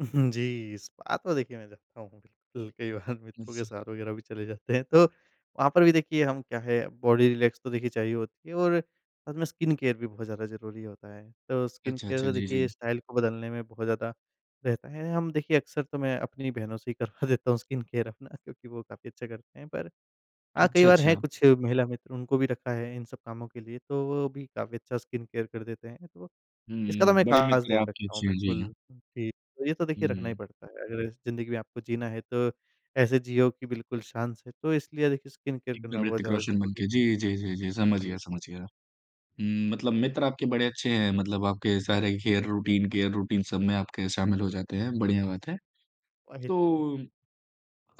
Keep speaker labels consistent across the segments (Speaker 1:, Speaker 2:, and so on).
Speaker 1: उ, हुँ, जी, स्पा तो देखिए मैं जाता हूँ, अल कई बार मित्रों के
Speaker 2: अच्छा।
Speaker 1: साथ वग़ैरह भी चले जाते हैं। तो वहाँ पर भी देखिए हम क्या है, अब बॉडी रिलैक्स तो देखिए चाहिए होती है, और साथ में स्किन केयर भी बहुत ज़्यादा ज़रूरी होता है। तो स्किन
Speaker 2: अच्छा,
Speaker 1: केयर
Speaker 2: अच्छा।
Speaker 1: तो
Speaker 2: जी,
Speaker 1: देखिए
Speaker 2: जी।
Speaker 1: स्टाइल को बदलने में बहुत ज़्यादा रहता है। हम देखिए अक्सर तो मैं अपनी बहनों से ही करवा देता हूँ स्किन केयर अपना क्योंकि वो काफ़ी अच्छा करते हैं। पर हाँ, कई
Speaker 2: अच्छा,
Speaker 1: बार हैं
Speaker 2: अच्छा।
Speaker 1: कुछ महिला मित्र, उनको भी रखा है इन सब कामों के लिए, तो वो भी काफ़ी अच्छा स्किन केयर कर देते हैं। तो इसका तो
Speaker 2: हुँ,
Speaker 1: मैं
Speaker 2: बड़े
Speaker 1: ख़ास
Speaker 2: मित्र
Speaker 1: ध्यान
Speaker 2: आपके
Speaker 1: रखता हूँ
Speaker 2: अच्छे हैं। जी, हाँ।
Speaker 1: बिल्कुल ही, ये तो देखिए रखना ही
Speaker 2: हुँ।
Speaker 1: पड़ता है। अगर जिंदगी में आपको जीना है तो ऐसे जियो कि बिल्कुल शान से, तो इसलिए देखिए स्किन केयर करना
Speaker 2: एकदम
Speaker 1: बहुत
Speaker 2: ऋतिक
Speaker 1: ज़्यादा
Speaker 2: रोशन बन
Speaker 1: ज़रूरी
Speaker 2: के, जी, जी, जी, जी। समझ
Speaker 1: जी।
Speaker 2: गया समझ गया। हुँ, मतलब
Speaker 1: ठीक है।
Speaker 2: मित्र आपके बड़े अच्छे हैं, मतलब आपके सारे केयर रूटीन केयर रूटीन, सब में आपके शामिल हो जाते हैं, बढ़िया बात है।
Speaker 1: वही तो।
Speaker 2: तो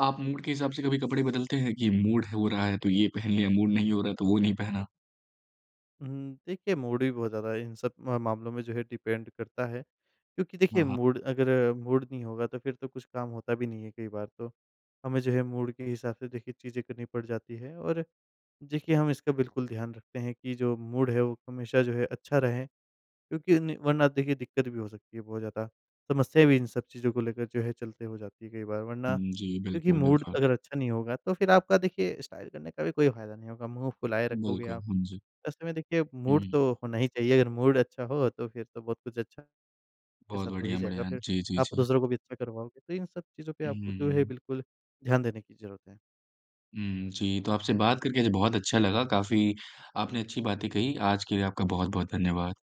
Speaker 2: आप मूड के हिसाब से कभी कपड़े बदलते हैं कि मूड हो रहा है तो ये पहन लिया, मूड नहीं हो रहा है तो वो नहीं पहना?
Speaker 1: हुँ, देखिए मूड भी बहुत ज़्यादा इन सब अ, मामलों में जो है डिपेंड करता है क्योंकि
Speaker 2: हाँ,
Speaker 1: देखिए,
Speaker 2: हाँ।
Speaker 1: मूड अगर मूड नहीं होगा तो फिर तो कुछ काम होता भी नहीं है कई बार तो। हमें जो है मूड के हिसाब से देखिए चीज़ें करनी पड़ जाती है, और देखिए, हम इसका बिल्कुल ध्यान रखते हैं कि जो मूड है वो हमेशा जो है अच्छा रहे क्योंकि ज़िनी वरना देखिए, दिक्कत भी हो सकती है बहुत ज़्यादा। समस्या भी इन सब चीज़ों को लेकर जो है चलते हो जाती है कई बार, वरना
Speaker 2: उम, जी,
Speaker 1: क्योंकि
Speaker 2: बिल्कुल,
Speaker 1: मूड
Speaker 2: बिल्कुल।
Speaker 1: अगर अच्छा नहीं होगा, तो फिर आपका देखिए स्टाइल करने का भी कोई फायदा नहीं होगा, मुँह फुलाए रखोगे
Speaker 2: बिल्कुल,
Speaker 1: आप।
Speaker 2: हुँ, जी।
Speaker 1: ऐसे में देखिए मूड
Speaker 2: हुँ।
Speaker 1: तो होना ही चाहिए। अगर मूड अच्छा हो तो फिर तो बहुत कुछ अच्छा के
Speaker 2: बहुत
Speaker 1: साथ हो ही
Speaker 2: बढ़िया,
Speaker 1: जाएगा,
Speaker 2: बढ़िया।
Speaker 1: फिर
Speaker 2: जी, जी,
Speaker 1: आप
Speaker 2: जी।
Speaker 1: दूसरों को भी अच्छा करवाओगे। तो इन सब चीज़ों पे
Speaker 2: उ,
Speaker 1: आपको
Speaker 2: हुँ,
Speaker 1: जो है
Speaker 2: हुँ।
Speaker 1: बिल्कुल ध्यान देने की ज़रूरत है।
Speaker 2: हुँ। जी, तो आपसे बात करके आज बहुत अच्छा लगा, काफ़ी आपने अच्छी बातें कही। आज के लिए आपका बहुत-बहुत धन्यवाद।